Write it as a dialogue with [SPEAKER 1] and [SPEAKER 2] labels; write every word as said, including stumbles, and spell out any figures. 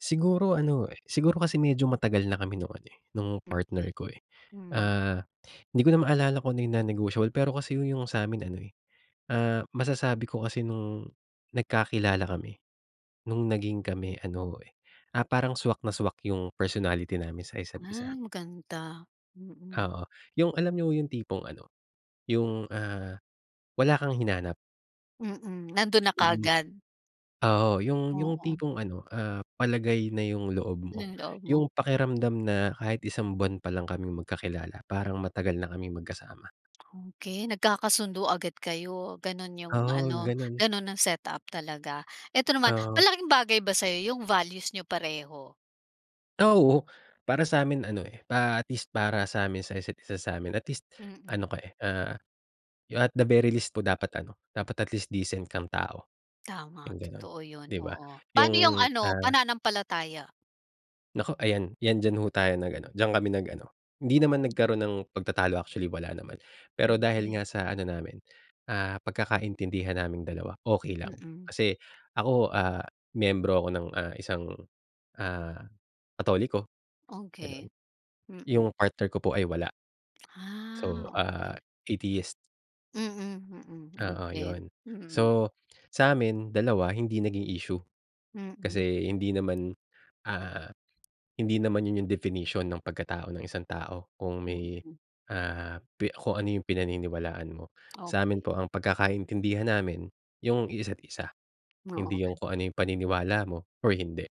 [SPEAKER 1] Siguro ano, eh, siguro kasi medyo matagal na kami nung ano, eh, nung partner
[SPEAKER 2] Okey.
[SPEAKER 1] ko, eh.
[SPEAKER 2] Hmm.
[SPEAKER 1] Ah, 'di ko na maalala kung ano yung non-negotiable, pero kasi yung yung sa'min ano, eh, ah, masasabi ko kasi nung nagkakilala kami, nung naging kami ano, eh, ah, parang swak na swak yung personality namin sa isa't isa.
[SPEAKER 2] Ay, maganda. Mm.
[SPEAKER 1] Oo, yung alam niyo yung tipong ano, yung, ah, wala kang hinanap.
[SPEAKER 2] Mm, nando'n na
[SPEAKER 1] Mm.
[SPEAKER 2] kaagad.
[SPEAKER 1] Oo, yung yung
[SPEAKER 2] Oo.
[SPEAKER 1] tipong ano, ah, palagay na yung loob mo,
[SPEAKER 2] Yung loob mo.
[SPEAKER 1] yung pakiramdam na kahit isang buwan pa lang kaming magkakilala parang matagal na kaming magkasama.
[SPEAKER 2] Okey, nagkakasundo agad kayo. Gano'n yung
[SPEAKER 1] Oo,
[SPEAKER 2] ano,
[SPEAKER 1] gano'n.
[SPEAKER 2] gano'n ang setup talaga. 'Eto naman,
[SPEAKER 1] Oo.
[SPEAKER 2] malaking bagay ba sa'yo yung values niyo pareho?
[SPEAKER 1] Ah, oo. Para sa'min ano, eh, pa at least para sa'min sa isa't isa sa'min at least
[SPEAKER 2] Mm.
[SPEAKER 1] ano ko, eh, ah, you at the very least po dapat ano, dapat at least decent kang tao,
[SPEAKER 2] Tama,
[SPEAKER 1] yung gano'n,
[SPEAKER 2] totoo yun,
[SPEAKER 1] di ba?
[SPEAKER 2] oo. Pa'no yung
[SPEAKER 1] Yung,
[SPEAKER 2] ano,
[SPEAKER 1] ah
[SPEAKER 2] pananampalataya?
[SPEAKER 1] Naku, ayan. 'Yan diyan ho tayo nag-ano, diyan kami nag-ano, hindi naman nagkaroon ng pagtatalo actually wala naman. Pero dahil
[SPEAKER 2] Okey.
[SPEAKER 1] nga sa ano namin, ah, pagkakaintindihan naming dalawa, okey lang.
[SPEAKER 2] Mm.
[SPEAKER 1] Kasi ako, ah, miyembro ako ng, ah, isang, ah, Katoliko, gano'n.
[SPEAKER 2] Okey, mm.
[SPEAKER 1] Yung partner ko po ay wala.
[SPEAKER 2] Ah,
[SPEAKER 1] So, ah,
[SPEAKER 2] okey.
[SPEAKER 1] Atheist.
[SPEAKER 2] Mm, mm,
[SPEAKER 1] Oo,
[SPEAKER 2] okey.
[SPEAKER 1] yun.
[SPEAKER 2] Mm.
[SPEAKER 1] So, sa'min dalawa hindi naging issue.
[SPEAKER 2] Mm.
[SPEAKER 1] Kasi hindi naman, ah, hindi naman yun yung definition ng pagkatao ng isang tao kung may,
[SPEAKER 2] Mm.
[SPEAKER 1] ah, pi kung ano yung pinaniniwalaan mo.
[SPEAKER 2] Okey.
[SPEAKER 1] Sa'min po ang pagkakaintindihan namin yung isa't isa, hindi
[SPEAKER 2] Oo.
[SPEAKER 1] yung kung ano yung paniniwala mo or hindi.